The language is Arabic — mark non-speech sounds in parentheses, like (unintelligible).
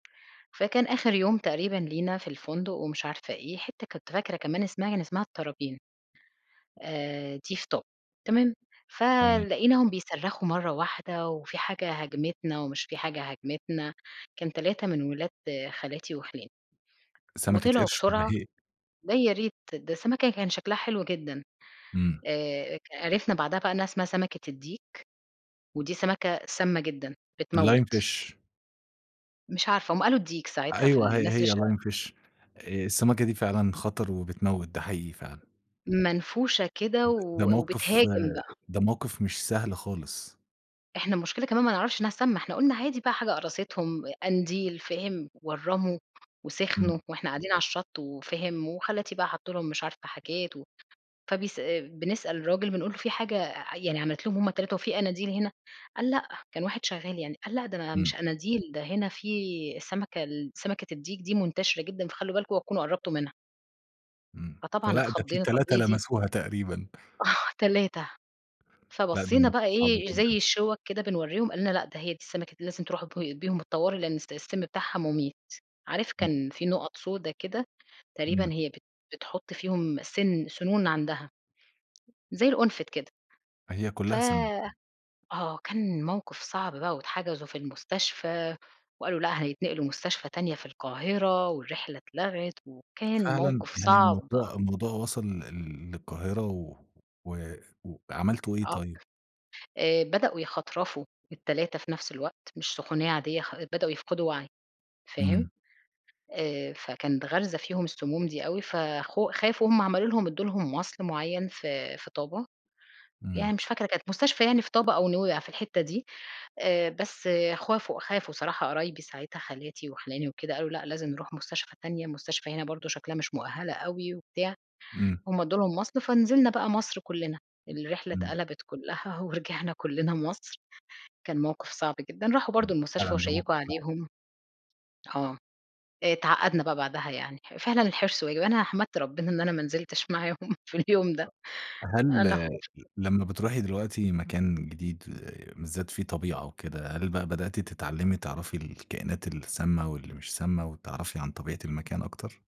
فكان آخر يوم تقريبًا لينا في الفندق ومش عارفة إيه، حتة كنت فاكرة كمان اسمها كان اسمها الطرابين، آآ دي في طابا، تمام؟ إمم. فلقيناهم بيصرخوا مرّة واحدة، وفي حاجة هاجمتنا ومش في حاجة هاجمتنا، كان 3 من ولاد خالاتي وخِلاني. سمكة وطلعوا قرش والّا بسرعة، هي ده يا ريت، ده السمكة كان شكلها حلو جدًا. إمم. آآ ك عِرِفنا بعدها بقى إنها اسمها سمكة الديك، ودي سمكة سامة جدًا بتموِّت. lime fish مش عارفة، هُم قالو الديك ساعتها في أيوه ه الناس اللي ش هي lime fish آآ السمكة دي فعلًا خطر وبتموِّت، ده حقيقي فعلًا. منفوشة كده د ده و موقِف وبتهاجم بقى. ده موقِف مش سهل خالص. إحنا المشكلة كمان ما نعرفش إنها سامة، إحنا قُلنا عادي بقى حاجة قرصتهم، قنديل، فاهم؟ ورّموا وسخنوا، إمم. وإحنا قاعدين على الشط، وفاهم، وخالاتي بقى حطوا لهم مش عارفة حاجات و فبيس بنسأل الراجل بنقول له :"في حاجة يعني عملِت لهم هُم ال3 وفي قناديل هنا؟" قال: "لأ." كان واحد شغال يعني قال: "لأ، ده إمم. مش قناديل، ده هنا في السمكة ال سمكة الديك دي منتشرة جدًا فخلّوا بالكم اوعوا تكونوا قربتوا منها." إمم، فطبعًا فلأ ده في اتخضينا، طب 3 إيه دي؟ لمسوها تقريبًا. آه، 3. لأ ده فبصينا بقى موقف صعب إيه زي جدًا. الشِوَك كده بنورّيهم قال لنا :"لأ ده هي دي السمكة لازم تروحوا ب بيهم الطوارئ لأن الس السم بتاعها مُميت." عارف (unintelligible) كان في نقط سودا كده، تقريبًا إمم. هي بت بتحط فيهم سن سنون عندها. زي القنفد كده. هي ف كلّها سِم. آه كان موقف صعب بقى واتحجزوا في المستشفى، وقالوا: "لأ هيتنقلوا مستشفى تانية في القاهرة" والرحلة اتلغت وكان فعلًا؟ موقف يعني صعب. الموضوع الموضوع وصل لل للقاهرة و و عملتوا إيه آه ب طيب؟ آآ بدأوا يخترفوا ال3 في نفس الوقت، مش سخونية عادية خ بدأوا يفقدوا وعي، فاهم؟ إمم. آآ فكانت غارزة فيهم السموم دي أوي فخو خافوا هُم عملوا لهم ادوا لهم مَصل معيّن في في طابا، إمم. يعني مش فاكرة كانت مستشفى يعني في طابا أو نويبع في الحتة دي. آآ بس خافوا خافوا صراحة قرايبي ساعتها خالاتي وخِلاني وكده قالوا: "لأ لازم نروح مستشفى تانية، المستشفى هنا برضه شكلها مش مؤهلة أوي وبتاع." إمم. هُم ادوا لهم مَصل، فنزلنا بقى مصر كلّنا، الرحلة إمم. اتقلبت كلّها ورجعنا كلّنا مصر، كان موقِف صعب جدًا. راحوا برضه (unintelligible) المستشفى فعلًا ده موقِف وشيّكوا صعب. عليهم آه، آآ اتعقّدنا بقى بعدها يعني، فعلًا الحِرص واجب، أنا حمدت ربنا إن أنا ما نزلتش معاهم في اليوم ده أ أنا هل خُفت. لمّا بتروحي دلوقتي مكان جديد بالذات فيه طبيعة وكده، هل بقى بدأتِ تتعلمي تعرفي الكائنات السامة، واللي مش سامة وتعرفي عن طبيعة المكان أكتر؟